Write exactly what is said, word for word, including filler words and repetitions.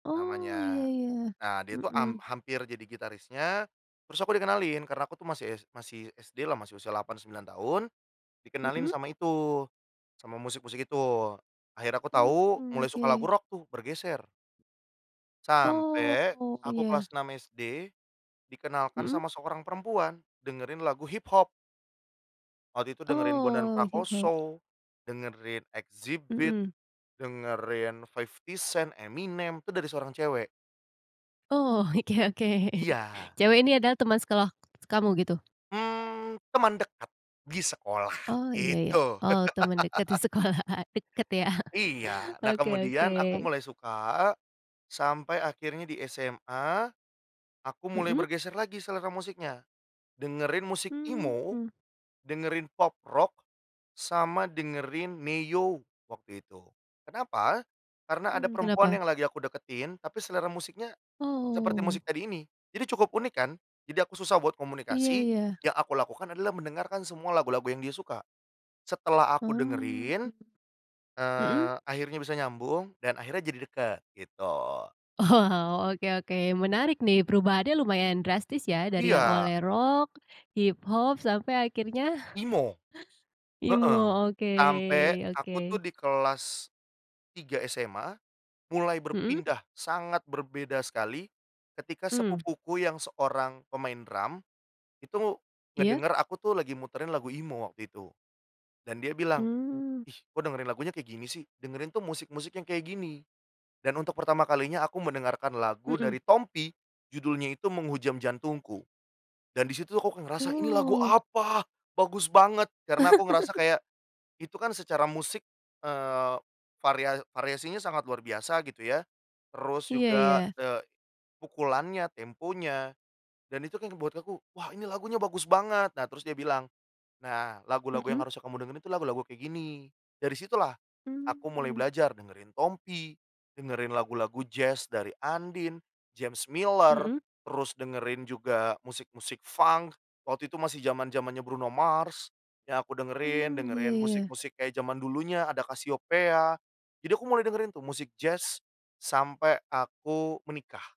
Oh ya Namanya ya, nah dia itu am mhm. hampir jadi gitarisnya, terus aku dikenalin karena aku tuh masih masih s masih SD lah masih usia delapan, sembilan tahun, dikenalin Mhm. sama itu, sama musik-musik itu. Akhirnya, aku tahu Mmm mulai suka lagu oke. rock tuh, bergeser. Sampai Oh aku iya. kelas enam SD, dikenalkan Mhm. sama seorang perempuan, dengerin lagu hip hop. Waktu itu dengerin Bondan Oh, hip hop. Prakoso, dengerin Xzibit, Mhm. dengerin 50 Cent, Eminem, itu dari seorang cewek. Oh, oke oke, Iya. cewek ini adalah teman sekeloh kamu, gitu? Mmm, teman dekat, di sekolah, Oh, iya iya. gitu. Oh, teman dekat di sekolah. Dekat ya, Iya, nah oke oke. kemudian aku mulai suka, sampai akhirnya di SMA, aku mulai Mhm. bergeser lagi selera musiknya, dengerin musik emo, Hmm. dengerin pop rock, sama dengerin Ne-Yo waktu itu. Kenapa? Karena ada Mmm, perempuan kenapa? yang lagi aku deketin, tapi selera musiknya seperti musik Oh. tadi ini. Jadi cukup unik kan? Jadi aku susah buat Iya, komunikasi. ya. Yang aku lakukan adalah mendengarkan semua lagu-lagu yang dia suka. Setelah aku Mmm, dengerin, mhm. eee, akhirnya bisa nyambung dan akhirnya jadi deket, gitu. Wow, oke, oke menarik nih, perubahannya lumayan drastis ya dari yang Iya. awalnya rock, hip hop, sampai akhirnya Emo, heeh. Emo, Sampai oke aku tuh oke. di kelas tiga SMA, mulai Mhm. berpindah sangat berbeda sekali ketika Mmm. sepupuku yang seorang pemain drum, itu Iya. ngedenger aku tuh lagi muterin lagu emo waktu itu, dan dia bilang, Mmm. "ih kok dengerin lagunya kayak gini sih dengerin tuh musik-musik yang kayak gini", dan untuk pertama kalinya aku mendengarkan lagu Mhm. dari Tompi judulnya itu Menghujam Jantungku dan disitu aku kayak ngerasa ini lagu Wow. apa, bagus banget karena aku ngerasa kayak itu kan secara musik, eee, varia variasinya sangat luar biasa gitu ya, terus Iya juga, iya. eee, pukulannya, temponya, dan itu kaya ngebuat aku wah ini lagunya bagus banget. Nah terus dia bilang, "nah lagu-lagu yang Mhm. harusnya kamu dengerin itu lagu-lagu kayak gini". Dari situ lah aku mulai Mmm. belajar dengerin Tompi, dengerin lagu-lagu Jazz dari Andien, James Miller, Mhm. terus dengerin juga musik musik Funk. Waktu itu masih zaman-zamannya Bruno Mars yang aku dengerin, Mmm, dengerin iya iya. musik-musik kayak zaman dulunya, ada Casiopea. Jadi aku mulai dengerin tuh musik Jazz sampai aku menikah.